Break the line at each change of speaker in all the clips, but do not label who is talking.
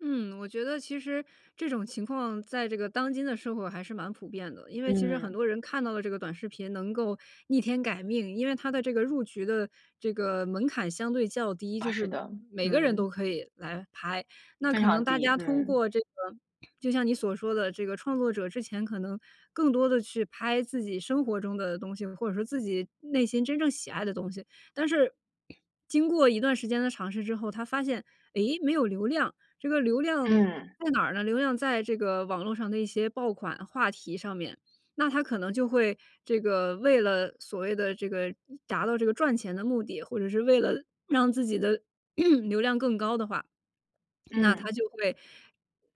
嗯，我觉得其实这种情况在这个当今的社会还是蛮普遍的。因为其实很
嗯。
多人看到了这个短视频能够逆天改命，因为它的这个入局的这个门槛相对较低，就
啊，是
是
的，
每个人都
嗯。
可以来拍。那
非
可能
常
大
低，
家通
嗯。
过这个就像你所说的这个，创作者之前可能更多地是拍自己生活中的东西，或者说自己内心真正喜爱的东西。但是经过一段时间的尝试之后，他发现：”诶，没有流量。“这个流量
嗯。
在哪儿呢？流量在这个网络上的一些爆款话题上面。那他可能就会这个为了所谓的这个达到这个赚钱的目的，或者是为了让自己的 流量更高的话，那他
嗯。
就会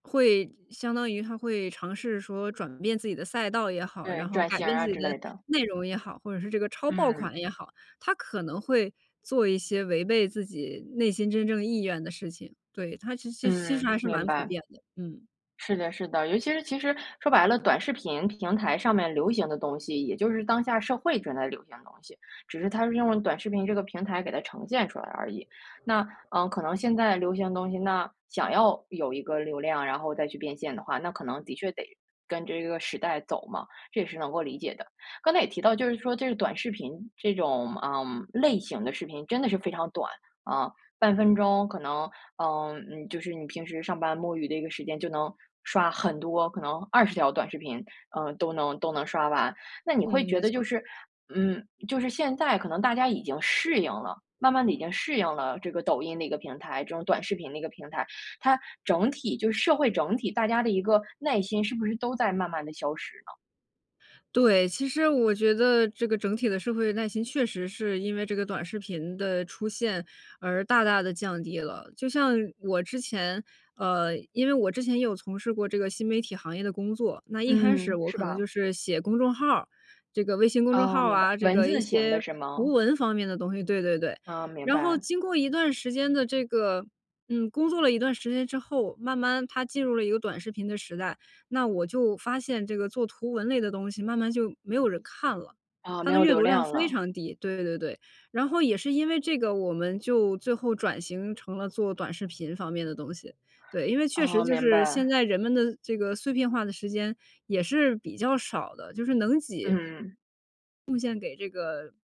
会相当于他会尝试说转变自己的赛道也好，
对，
然后
转
改
型儿
变自
啊，
己
之
的
类的。
内容也好，或者是这个抄爆
嗯。
款也好，他可能会做一些违背自己内心真正意愿的事情。对，它其实其实
嗯，
还是
明
蛮普
白。
遍的，嗯。
是的是的，尤其是其实说白了，短视频平台上面流行的东西，也就是当下社会正在流行的东西。只是它是用了短视频这个平台给它呈现出来而已。那呃，可能现在流行的东西那想要有一个流量，然后再去变现的话，那可能的确得跟这个时代走嘛，这也是能够理解的。刚才也提到，就是说这个短视频，这种，呃，类型的视频真的是非常短，啊，半分钟可能呃，嗯，就是你平时上班摸鱼的一个时间就能刷很多，可能20条短视频，呃，都能都能刷完。那你会
嗯，
觉
没
得
错
就
儿。
是嗯，就是现在可能大家已经适应了，慢慢地已经适应了这个抖音的一个平台，这种短视频的一个平台，它整体就是社会整体，大家的一个耐心是不是都在慢慢地消失呢？
对，其实我觉得这个整体的社会耐心确实是因为这个短视频的出现，而大大地降低了。就像我之前呃，因为我之前也有从事过这个新媒体行业的工作，那一开始
嗯，
我
是
可能
吧？
就是写公众号儿，这个微信公众
哦，
号儿
明白，
啊，这
文
个一
字型的
些
是
图
吗？
文方面的东西对对对，
哦，明
然后
白。
经过一段时间的这个嗯，工作了一段时间之后，慢慢它进入了一个短视频的时代。那我就发现这个做图文类的东西慢慢就没有人看了，
哦，
它
没
的
有
阅
流
读量
量
非
了。
常低，对对对。然后也是因为这个，我们就最后转型成了做短视频方面的东西。对，因为确实
哦，
就
明
是现
白。
在人们的这个碎片化的时间也是比较少的，就是能挤
嗯。
贡献给这个